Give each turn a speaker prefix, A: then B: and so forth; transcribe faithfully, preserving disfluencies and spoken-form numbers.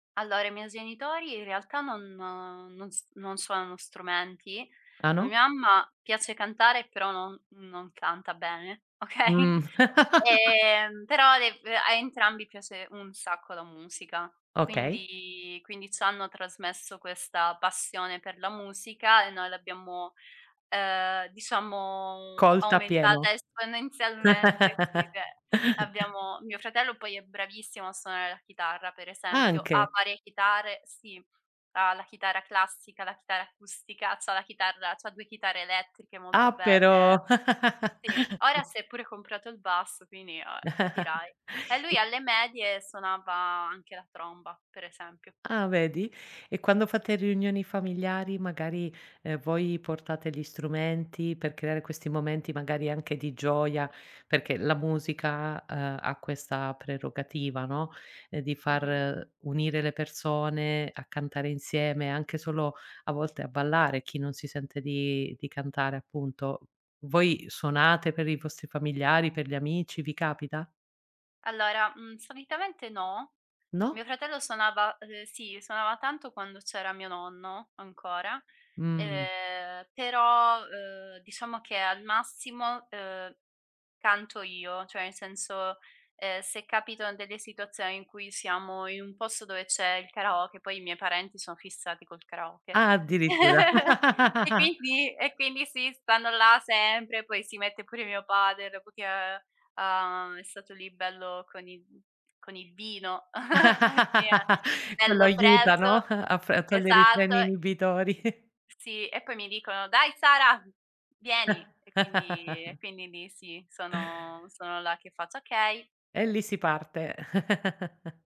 A: Allora i miei genitori in realtà non non s non suonano strumenti.
B: Ah,
A: A
B: no?
A: mia mamma piace cantare però no non canta bene, okay.
B: Mh.
A: Ehm, però dev a entrambi piace un sacco la musica.
B: Okay.
A: Quindi quindi c'hanno trasmesso questa passione per la musica e noi l'abbiamo, ehm, diciamo
B: Colta
A: aumentata
B: appieno.
A: esponenzialmente, sì che, abbiamo mio fratello poi è bravissimo a suonare la chitarra per esempio. Ha
B: Anche?
A: varie chitare, sì. Ha la chitarra classica, la chitarra acustica, c'ha la chitarra c'ha due chitarre elettriche molto
B: Ah,
A: belle.
B: però.
A: Sì. Ora si è pure comprato il basso, quindi, uhm, e capirai. E lui alle medie suonava anche la tromba, per esempio.
B: Ah, vedi. E quando fate riunioni familiari, magari, ehm, voi portate gli strumenti per creare questi momenti magari anche di gioia, perché la musica, uhm, a questa prerogativa, no: uhm, di
A: Mh-mh.
B: far unire le persone a cantare insieme, anche solo a volte a ballare, chi non si sente di di cantare appunto. Voi suonate per i vostri familiari, per gli amici, vi capita?
A: Allora, uhm, solitamente no.
B: No?
A: Mio fratello suonava ehm, sì, suonava tanto quando c'era mio nonno ancora.
B: Mh.
A: Ehm, però, uhm, diciamo che al massimo, uhm, canto io, ceh nel senso, ehm, se capito in delle situazioni in cui siamo in un posto dove c'è il karaoke, poi i miei parenti sono fissati col karaoke;
B: Addirittura.
A: e quindi e quindi sì, stanno là sempre, poi si mette pure mio padre, dopo che, uhm, è stato lì bello con il con il vino, e che è è
B: Quello
A: bello
B: aiuta, no,
A: preso.
B: a f a togliere i
A: Esatto.
B: freni inibitori.
A: Sì, e poi mi dicono: "Dai Sara, vieni!" E quindi e quindi lì sì, sono sono là che faccio: "Okay!"
B: E lì si parte.